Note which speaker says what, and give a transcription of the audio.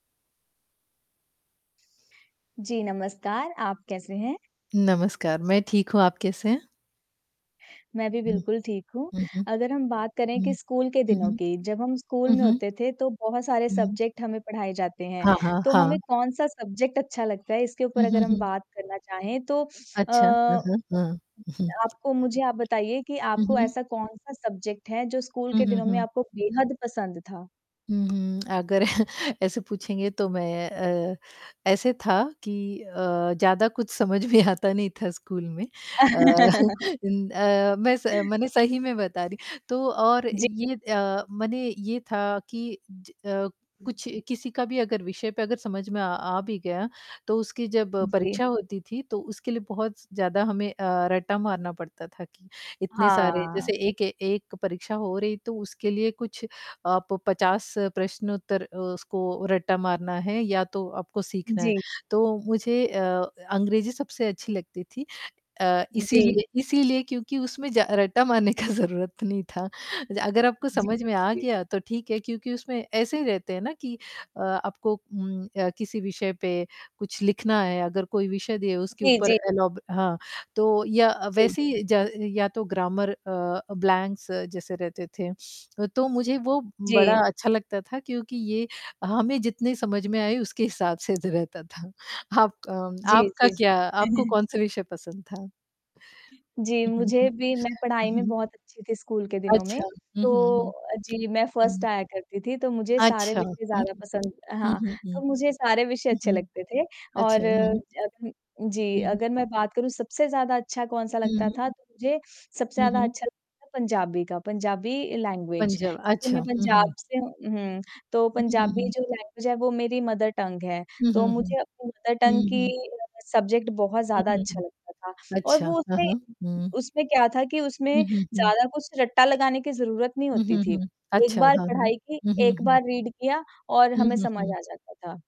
Speaker 1: जी, नमस्कार। आप कैसे हैं?
Speaker 2: नमस्कार, मैं ठीक हूँ। आप कैसे हैं?
Speaker 1: मैं भी
Speaker 2: हुँ।
Speaker 1: बिल्कुल ठीक हूँ।
Speaker 2: हुँ, हुँ।
Speaker 1: अगर हम बात करें कि
Speaker 2: हुँ।
Speaker 1: स्कूल के
Speaker 2: हुँ,
Speaker 1: दिनों
Speaker 2: हुँ।
Speaker 1: की, जब हम स्कूल
Speaker 2: हुँ,
Speaker 1: में
Speaker 2: हुँ।
Speaker 1: होते थे तो बहुत सारे
Speaker 2: हुँ।
Speaker 1: सब्जेक्ट हमें पढ़ाए जाते हैं।
Speaker 2: हाँ, हाँ,
Speaker 1: तो हमें
Speaker 2: हाँ।
Speaker 1: कौन-सा सब्जेक्ट अच्छा लगता है इसके
Speaker 2: हुँ,
Speaker 1: ऊपर
Speaker 2: हुँ,
Speaker 1: अगर हम
Speaker 2: हुँ।
Speaker 1: बात करना चाहें, तो अ,
Speaker 2: अच्छा, हाँ, हाँ, हाँ।
Speaker 1: आपको मुझे आप बताइए कि
Speaker 2: हुँ,
Speaker 1: आपको
Speaker 2: हुँ।
Speaker 1: ऐसा कौन-सा सब्जेक्ट है, जो स्कूल
Speaker 2: हुँ,
Speaker 1: के
Speaker 2: हुँ,
Speaker 1: दिनों में
Speaker 2: हुँ।
Speaker 1: आपको बेहद पसंद था?
Speaker 2: हुँ, हुँ। अगर ऐसे पूछेंगे तो मैं अ, ऐसे था कि अ, ज़्यादा कुछ समझ में आता नहीं था स्कूल में। अ, इन अ, मैं स मने सही में बता रही। तो और
Speaker 1: जी।
Speaker 2: ये अ, मने ये था कि ज अ, कुछ किसी का भी अगर विषय पे अगर समझ में अ, आ भी गया, तो उसकी जब
Speaker 1: जी।
Speaker 2: परीक्षा होती थी तो उसके लिए बहुत स ज़्यादा हमें अ, रट्टा मारना पड़ता था कि, इतने सारे
Speaker 1: हाँ।
Speaker 2: जैसे एक ए एक परीक्षा हो रही, तो उसके लिए कुछ आप 50 प्रश्न-उत्तर अ, उसको रट्टा मारना है या तो आपको सीखना है।
Speaker 1: जी।
Speaker 2: तो मुझे अ अ, अंग्रेज़ी सबसे अच्छी लगती थी अ,
Speaker 1: अ, जी।
Speaker 2: इसीलिए इसीलिए क्योंकि उसमें ज रट्टा मारने का ज़रूरत नहीं था। अ, अगर आपको समझ में आ
Speaker 1: जी।
Speaker 2: गया तो ठीक है क्योंकि उसमें ऐसे ही रहते हैं ना कि अ, आपको उम अ, किसी विषय पे कुछ लिखना है, अगर कोई विषय दिया है उसके
Speaker 1: जी, जी,
Speaker 2: ऊपर
Speaker 1: जी।
Speaker 2: एलोब हाँ, तो या
Speaker 1: जी।
Speaker 2: वैसे ही ज या तो ग्रामर अ, ब्लैंक्स जैसे रहते थे। अ, तो मुझे वो बड़ा
Speaker 1: जी।
Speaker 2: अच्छा लगता था क्योंकि ये हमें जितने समझ में आए उसके हिसाब से द रहता था। आपका अम,
Speaker 1: जी,
Speaker 2: आपका
Speaker 1: जी।
Speaker 2: क्या आपको कौन-से विषय पसंद था?
Speaker 1: जी,
Speaker 2: हुँ, हुँ, हुँ।
Speaker 1: मुझे भी मैं पढ़ाई में
Speaker 2: उहुँ।
Speaker 1: बहुत अच्छी थी स्कूल के दिनों में।
Speaker 2: अच्छा। हुँ,
Speaker 1: तो
Speaker 2: हुँ, हुँ।
Speaker 1: अ, जी, मैं फर्स्ट
Speaker 2: उहुँ।
Speaker 1: आया करती थी तो मुझे सारे
Speaker 2: अच्छा,
Speaker 1: विषय
Speaker 2: हुँ,
Speaker 1: ज़्यादा
Speaker 2: हुँ।
Speaker 1: पसंद अ,
Speaker 2: हुँ,
Speaker 1: हाँ,
Speaker 2: हुँ, हुँ।
Speaker 1: तो मुझे सारे विषय
Speaker 2: हुँ,
Speaker 1: अच्छे
Speaker 2: हुँ।
Speaker 1: लगते थे।
Speaker 2: अच्छा,
Speaker 1: और
Speaker 2: हुँ।
Speaker 1: अग जी,
Speaker 2: हुँ, हुँ।
Speaker 1: अगर मैं बात करूँ सबसे ज़्यादा अच्छा कौन-सा
Speaker 2: हुँ,
Speaker 1: लगता
Speaker 2: हुँ।
Speaker 1: था तो मुझे, सबसे
Speaker 2: हुँ,
Speaker 1: ज़्यादा
Speaker 2: हुँ।
Speaker 1: अच्छा लगता था पंजाबी का, पंजाबी लैंग्वेज।
Speaker 2: पंजाब,
Speaker 1: क्योंकि
Speaker 2: अच्छा।
Speaker 1: मैं
Speaker 2: हुँ,
Speaker 1: पंजाब
Speaker 2: हुँ।
Speaker 1: से हूँ उहुँ, तो
Speaker 2: हुँ, हुँ,
Speaker 1: पंजाबी
Speaker 2: हुँ।
Speaker 1: जो लैंग्वेज है वो मेरी मदर टंग है,
Speaker 2: हुँ,
Speaker 1: तो
Speaker 2: हुँ, हुँ।
Speaker 1: मुझे अपनी मदर टंग
Speaker 2: हुँ,
Speaker 1: की
Speaker 2: हुँ।
Speaker 1: अ, सब्जेक्ट बहुत
Speaker 2: हुँ,
Speaker 1: ज़्यादा
Speaker 2: हुँ,
Speaker 1: अच्छा
Speaker 2: हुँ।
Speaker 1: लगता था। और
Speaker 2: अच्छा,
Speaker 1: वो
Speaker 2: हाँ,
Speaker 1: उसमें,
Speaker 2: हाँ। हुँ।
Speaker 1: उसमें क्या था कि उसमें
Speaker 2: हुँ, हुँ, हुँ।
Speaker 1: ज़्यादा कुछ रट्टा लगाने की ज़रूरत नहीं
Speaker 2: हुँ,
Speaker 1: होती
Speaker 2: हुँ,
Speaker 1: थी,
Speaker 2: हुँ।
Speaker 1: एक
Speaker 2: अच्छा,
Speaker 1: बार
Speaker 2: हाँ, हुँ।
Speaker 1: पढ़ाई की,
Speaker 2: हुँ, हुँ,
Speaker 1: एक
Speaker 2: हुँ।
Speaker 1: बार रीड किया और
Speaker 2: हुँ,
Speaker 1: हमें
Speaker 2: हुँ,
Speaker 1: समझ
Speaker 2: हुँ।
Speaker 1: आ जाता था।